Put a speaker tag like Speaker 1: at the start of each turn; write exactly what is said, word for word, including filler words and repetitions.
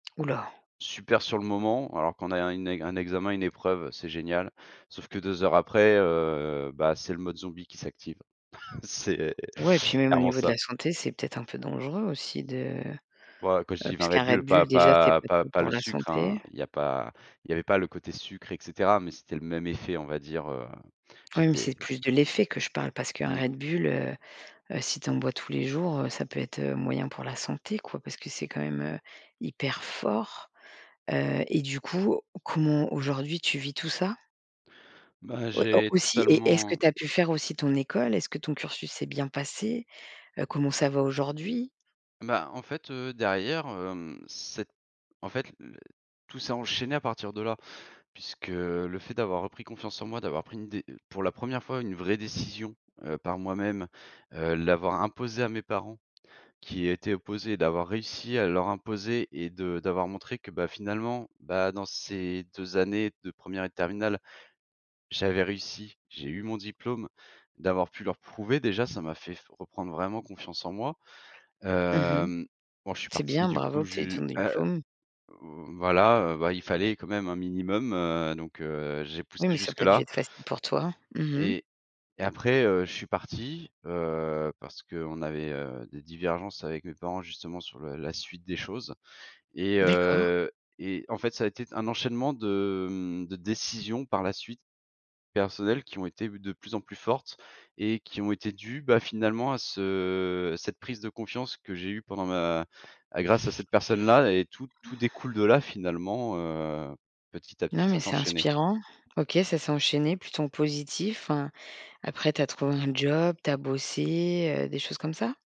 Speaker 1: Houlà.
Speaker 2: Super sur le moment alors quand on a un une un examen, une épreuve, c'est génial. Sauf que deux heures après, heu, bah, c'est le mode zombie qui s'active. C'est
Speaker 1: Ouais, puis même au
Speaker 2: clairement
Speaker 1: niveau de
Speaker 2: ça.
Speaker 1: la santé, c'est peut-être un peu dangereux aussi de,
Speaker 2: Ouais, quand je
Speaker 1: heu,
Speaker 2: dis vingt Red
Speaker 1: puisqu'un
Speaker 2: Bull,
Speaker 1: Red Bull,
Speaker 2: pas
Speaker 1: déjà, c'est
Speaker 2: pas
Speaker 1: pas
Speaker 2: pas
Speaker 1: top
Speaker 2: pas
Speaker 1: pour
Speaker 2: le
Speaker 1: la
Speaker 2: sucre, hein,
Speaker 1: santé.
Speaker 2: il y a pas il y avait pas le côté sucre, et cetera, mais c'était le même effet, on va dire, heu,
Speaker 1: Oui, mais
Speaker 2: j'étais
Speaker 1: c'est plus de l'effet que je parle parce qu'un
Speaker 2: Mmh.
Speaker 1: Red Bull, heu, heu, si tu en bois tous les jours, heu, ça peut être, heu, moyen pour la santé, quoi, parce que c'est quand même, heu, hyper fort, heu, et du coup, comment aujourd'hui tu vis tout ça?
Speaker 2: Bah,
Speaker 1: Ouais, au
Speaker 2: j'ai
Speaker 1: aussi? Et est-ce que
Speaker 2: totalement
Speaker 1: tu as pu faire aussi ton école? Est-ce que ton cursus s'est bien passé? Heu, comment ça va aujourd'hui?
Speaker 2: Bah, en fait, heu, derrière, hem, c'est en fait l tout s'est enchaîné à partir de là, puisque le fait d'avoir repris confiance en moi, d'avoir pris une dé pour la première fois une vraie décision, heu, par moi-même, heu, l'avoir imposée à mes parents, qui y étaient opposés, d'avoir réussi à leur imposer et de d'avoir montré que bah, finalement, bah, dans ces deux années de première et de terminale, j'avais réussi, j'ai eu mon diplôme. D'avoir pu leur prouver déjà, ça m'a fait f reprendre vraiment confiance en moi.
Speaker 1: Mmh mh.
Speaker 2: Hem, bon, je suis
Speaker 1: C'est
Speaker 2: parti,
Speaker 1: bien,
Speaker 2: du
Speaker 1: bravo
Speaker 2: coup,
Speaker 1: que tu aies eu
Speaker 2: ju
Speaker 1: ton
Speaker 2: ah,
Speaker 1: diplôme.
Speaker 2: voilà, heu, bah, il fallait quand même un minimum, heu, donc heu, j'ai poussé
Speaker 1: Oui, mais ça a pas du
Speaker 2: jusque-là.
Speaker 1: être facile pour toi? Mmh mh.
Speaker 2: Et et après, heu, je suis parti, heu, parce qu'on avait, heu, des divergences avec mes parents, justement, sur le la suite des choses, et
Speaker 1: D'accord.
Speaker 2: heu, et en fait, ça a été un enchaînement de, mmh, de décisions, par la suite, personnelles qui ont été de plus en plus fortes et qui ont été dues, bah, finalement, à ce à cette prise de confiance que j'ai eue pendant ma à grâce à cette personne-là et tout tout découle de là finalement, heu, petit à petit,
Speaker 1: Non,
Speaker 2: ça
Speaker 1: mais c'est
Speaker 2: s'enchaînait.
Speaker 1: inspirant. OK, ça s'est enchaîné plutôt en positif, enfin, après, tu as trouvé un job, tu as bossé, heu, des choses comme ça?